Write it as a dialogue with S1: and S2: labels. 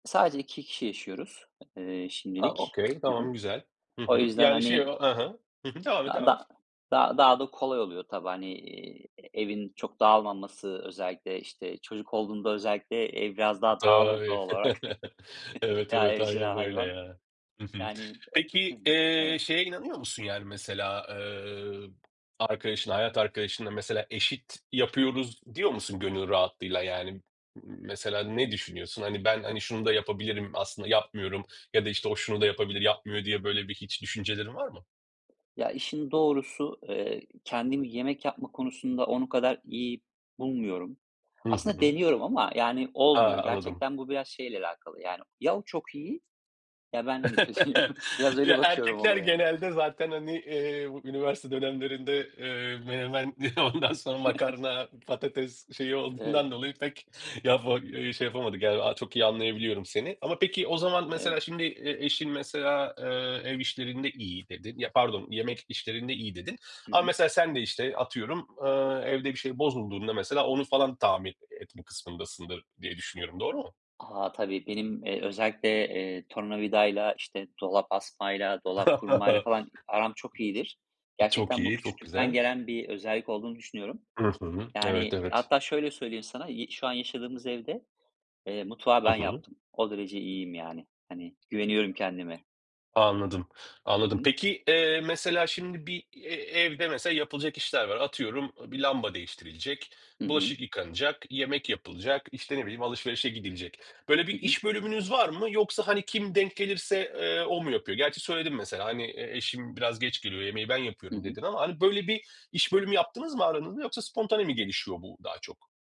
S1: Sadece 2 kişi yaşıyoruz, ııı,
S2: A,
S1: şimdilik.
S2: okay,
S1: Hı hı.
S2: tamam güzel, hı
S1: O
S2: hı,
S1: yüzden,
S2: yani, şey
S1: hani
S2: o, ha ha, hı hı, devam et,
S1: da
S2: devam et.
S1: da daha da kolay oluyor tabii, hani, iii, evin çok dağılmaması. Özellikle, işte, çocuk olduğunda, özellikle ev biraz daha dağılır
S2: Tabii.
S1: doğal olarak
S2: Evet,
S1: veya
S2: evet,
S1: evcil
S2: aynen öyle
S1: hayvan.
S2: ya. Hı hı.
S1: Yani, ı hı
S2: Peki,
S1: hı,
S2: eee,
S1: evet.
S2: şeye inanıyor musun? Yani, mesela, eee, arkadaşına, hayat arkadaşına, mesela eşit yapıyoruz diyor musun gönül rahatlığıyla? Yani, m mesela ne düşünüyorsun? Hani, ben, hani şunu da yapabilirim, aslında yapmıyorum ya da, işte, o şunu da yapabilir, yapmıyor diye, böyle, bir hiç düşüncelerin var mı?
S1: Ya, işin doğrusu, eee, kendim yemek yapma konusunda onun kadar iyi bulmuyorum.
S2: Hı
S1: Aslında
S2: hı.
S1: deniyorum ama, yani,
S2: A!
S1: olmuyor.
S2: Anladım.
S1: Gerçekten bu biraz şeyle alakalı yani ya o çok iyi ya ben, hani, kötüyüm. Biraz öyle
S2: Ya,
S1: bakıyorum
S2: erkekler
S1: olaya.
S2: genelde zaten, hani, eee, bu üniversite dönemlerinde, eee, menemen, ondan sonra makarna, patates şeyi
S1: Evet.
S2: olduğundan dolayı pek yapa şey yapamadık, yani, çok iyi anlayabiliyorum seni. Ama peki o zaman
S1: Evet.
S2: mesela şimdi e eşin mesela, ııı, ev işlerinde iyi dedin, ya pardon, yemek işlerinde iyi dedin
S1: Hı
S2: ama
S1: hı.
S2: mesela sen de işte atıyorum, aaa, evde bir şey bozulduğunda mesela onu falan tamir etme kısmındasındır diye düşünüyorum, doğru mu?
S1: A, tabii benim, eee, özellikle, eee, tornavidayla, işte, dolap asmayla, dolap kurmayla falan aram çok iyidir.
S2: Çok
S1: Gerçekten bu
S2: iyi, çok
S1: küçüklükten
S2: güzel.
S1: gelen bir özellik olduğunu düşünüyorum.
S2: Hı hı. Evet,
S1: Yani,
S2: evet.
S1: hatta şöyle söyleyeyim sana, yı şu an yaşadığımız evde, eee, mutfağı
S2: I
S1: ben
S2: hı.
S1: yaptım. O derece iyiyim yani, hani, güveniyorum kendime.
S2: Anladım,
S1: Hı
S2: anladım.
S1: hı.
S2: Peki, eee, mesela şimdi bir e evde mesela yapılacak işler var. Atıyorum, bir lamba değiştirilecek,
S1: Hı hı.
S2: bulaşık yıkanacak, yemek yapılacak, işte, ne bileyim alışverişe gidilecek. Böyle
S1: Hı
S2: bir
S1: hı.
S2: iş bölümünüz var mı? Yoksa, hani, kim denk gelirse, eee, o mu yapıyor? Gerçi söyledin mesela, hani eşim biraz geç geliyor, yemeği ben
S1: Hı
S2: yapıyorum
S1: hı.
S2: dedin ama, hani, böyle bir iş bölümü yaptınız mı aranızda yoksa spontane mi gelişiyor bu daha çok?